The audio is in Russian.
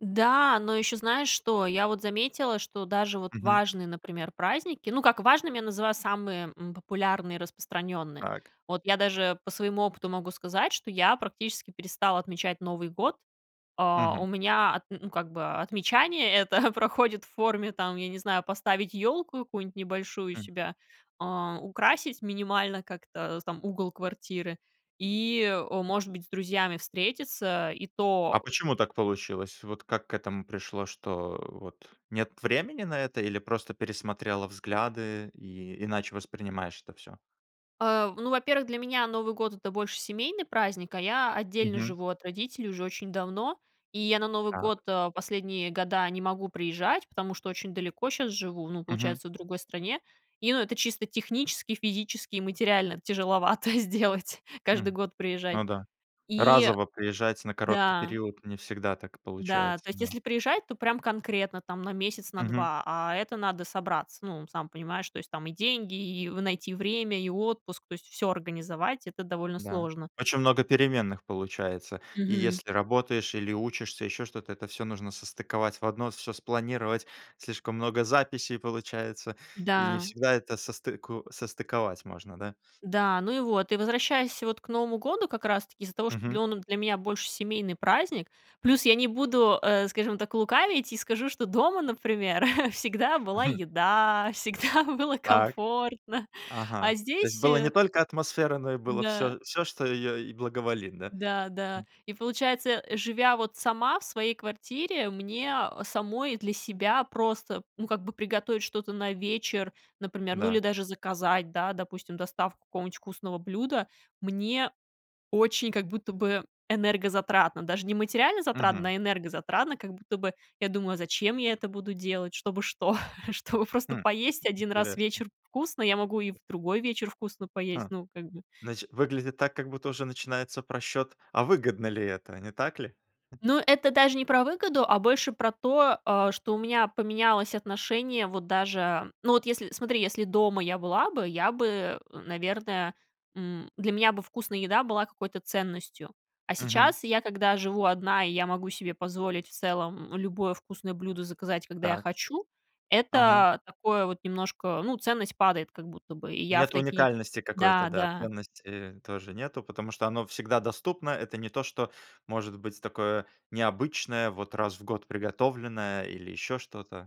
Да, но ещё знаешь, что? Я вот заметила, что даже вот Мгм. важные, например, праздники, ну, как важным я называю самые, м, популярные и распространённые. Так. Вот я даже по своему опыту могу сказать, что я практически перестала отмечать Новый год. А, у Мгм. меня, отн ну, как бы, отмечание это проходит в форме там, я не знаю, поставить ёлку какую-нибудь небольшую у Мгм. себя, а, украсить минимально как-то там угол квартиры и, э, может быть с друзьями встретиться. И А то почему так получилось? Вот как к этому пришло, что вот нет времени на это или просто пересмотрела взгляды и иначе воспринимаешь это всё? Э, ну, во-первых, для меня Новый год- это больше семейный праздник, а, я отдельно Мгм. живу от родителей уже очень давно, и я на Новый Так. год, э, последние года не могу приезжать, потому что очень далеко щас живу, ну, Мгм. получается в другой стране. И ну, это чисто технически, физически и материально тяжеловато сделать, каждый М. год приезжать. Ну, да. И Разово приезжать на короткий Да. период не всегда так Да, получается то есть, да. если приезжать, то прям конкретно там на месяц, на Мгм. 2, а, это надо собраться. Ну, сам понимаешь, то есть, там и деньги, и в найти время, и отпуск, то есть, всё организовать, это довольно Да. сложно. Очень много переменных получается. И Мгм. если работаешь или учишься, ещё что-то, это всё нужно состыковать в одно, всё спланировать. Слишком много записей получается и не Да. всегда это состыку состыковать можно, да. Да, ну, и вот, и возвращаясь вот к Новому году как раз таки из-за того, что Мгм. он для меня больше семейный праздник. Плюс я не буду, э, скажем так, лукавить и скажу, что дома, например, всегда была Мгм. еда, всегда было Так. комфортно, а, Ага. То есть, здесь, было не э только атмосфера, но и было Да. всё всё, что её и благоволит, да? Да, да, М. и получается, э, живя вот сама в своей квартире, мне, э, самой для себя просто, ну, как бы приготовить что-то на вечер, например, ну, или Да. даже заказать, да, допустим, доставку какого-нибудь вкусного блюда, мне очень как будто бы энергозатратно, даже не материально затратно, Мгм. а, энергозатратно, как будто бы я думаю: "А зачем я это буду делать? Чтобы что? Чтобы Хм. просто поесть Как один раз интересно. вечер вкусно, я могу и в другой вечер вкусно поесть", Ха, ну, как бы. значит выглядит так, как будто уже начинается просчёт: а, выгодно ли это, не так ли? Ну, это даже не про выгоду, а, больше про то, э, что у меня поменялось отношение вот даже Ну, вот если, смотри, если дома я была бы, я бы, н наверное, м, для меня бы вкусная еда была какой-то ценностью. А Мгм. сейчас я, когда живу одна, и я могу себе позволить в целом любое вкусное блюдо заказать, когда я Так. хочу Ага. это такое вот немножко ну, ценность падает как будто бы. И я в Нет такие... уникальности какой-то, Да, да, да. ценности тоже нету, потому что оно всегда доступно. Это не то, что может быть такое необычное, вот раз в год приготовленное или ещё что-то.